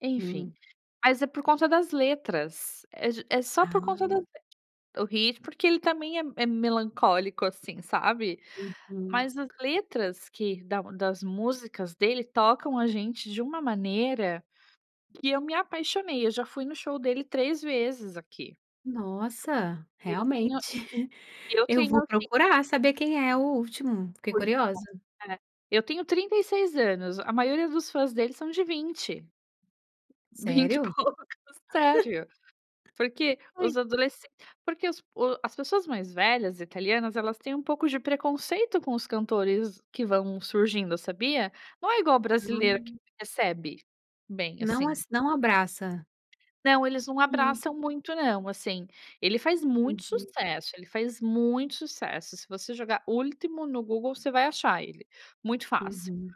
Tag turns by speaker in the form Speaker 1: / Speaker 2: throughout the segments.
Speaker 1: Enfim,
Speaker 2: Hum.
Speaker 1: mas é por conta das letras, é já é só por conta das
Speaker 2: Ah!
Speaker 1: é, o ritmo, porque ele também é é melancólico assim sabe,
Speaker 2: Uhum.
Speaker 1: mas as letras que da das músicas dele tocam a gente de uma maneira, que eu me apaixonei, eu já fui no show dele 3 vezes aqui.
Speaker 2: Nossa!
Speaker 1: Eu tenho,
Speaker 2: realmente,
Speaker 1: eu
Speaker 2: eu
Speaker 1: tenho
Speaker 2: vou
Speaker 1: assim
Speaker 2: procurar saber quem é o Ultimo, fiquei
Speaker 1: Pois
Speaker 2: curiosa.
Speaker 1: é, é, eu tenho 36 anos, a maioria dos fãs dele são de 20. 20 e
Speaker 2: Sério?
Speaker 1: poucos, sério, porquê
Speaker 2: Foi.
Speaker 1: os adolescen porque os pu as pessoas mais velhas italianas, elas têm um pouco de preconceito com os cantores que vão surgindo sabia, não é igual o brasileiro que
Speaker 2: Hã.
Speaker 1: recebe, bem
Speaker 2: Não
Speaker 1: assim.
Speaker 2: as não abraça?
Speaker 1: Não, eles não
Speaker 2: Hum.
Speaker 1: abraçam muito não assim, ele faz muito
Speaker 2: Uhum.
Speaker 1: sucesso, ele faz muito sucesso, se você jogar Ultimo no Google você vai achar ele, muito fácil.
Speaker 2: Uhum,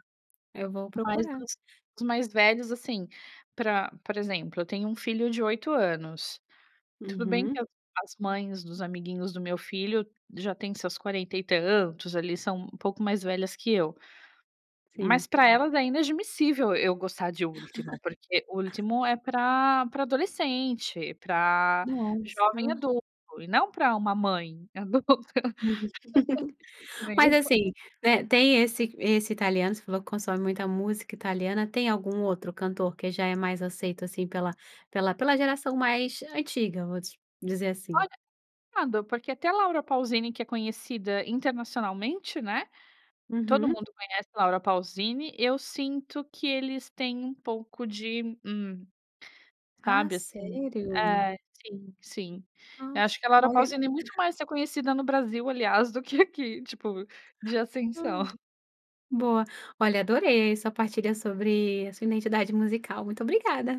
Speaker 2: eu vou
Speaker 1: Mas
Speaker 2: procurar.
Speaker 1: assim os mais velhos assim, para, por exemplo, eu tenho um filho de 8 anos tudo bem que
Speaker 2: Uhum
Speaker 1: as as mães dos amiguinhos do meu filho já têm seus 40 e tantos ali, são um pouco mais velhas que eu,
Speaker 2: Sim.
Speaker 1: mas pra elas é inadmissível eu gostar de Ultimo, porque Ultimo é para para adolescente, para jovem
Speaker 2: Nossa!
Speaker 1: adulto, e não pra uma mãe adulta, que nem
Speaker 2: Mas
Speaker 1: eu.
Speaker 2: assim, eh, tem esse esse italiano, se falou que consome muita música italiana, tem algum outro cantor que já é mais aceito assim pela pela pela geração mais antiga, vamos dizer assim.
Speaker 1: Olha, complicado, porque até a Laura Paulzini que é conhecida internacionalmente né, todo
Speaker 2: Uhum.
Speaker 1: mundo conhece Laura Paulzini, eu sinto que eles têm um pouco de, hum,
Speaker 2: Ah,
Speaker 1: sabe assim,
Speaker 2: sério?
Speaker 1: é, sim, sim, eu
Speaker 2: Nossa,
Speaker 1: acho que a Laura
Speaker 2: olha
Speaker 1: Paulzini muito mais reconhecida no Brasil, aliás, do que aqui, tipo, de
Speaker 2: Hã?
Speaker 1: ascensão.
Speaker 2: boa, olha adorei a sua partilha sobre a sua identidade musical muito obrigada.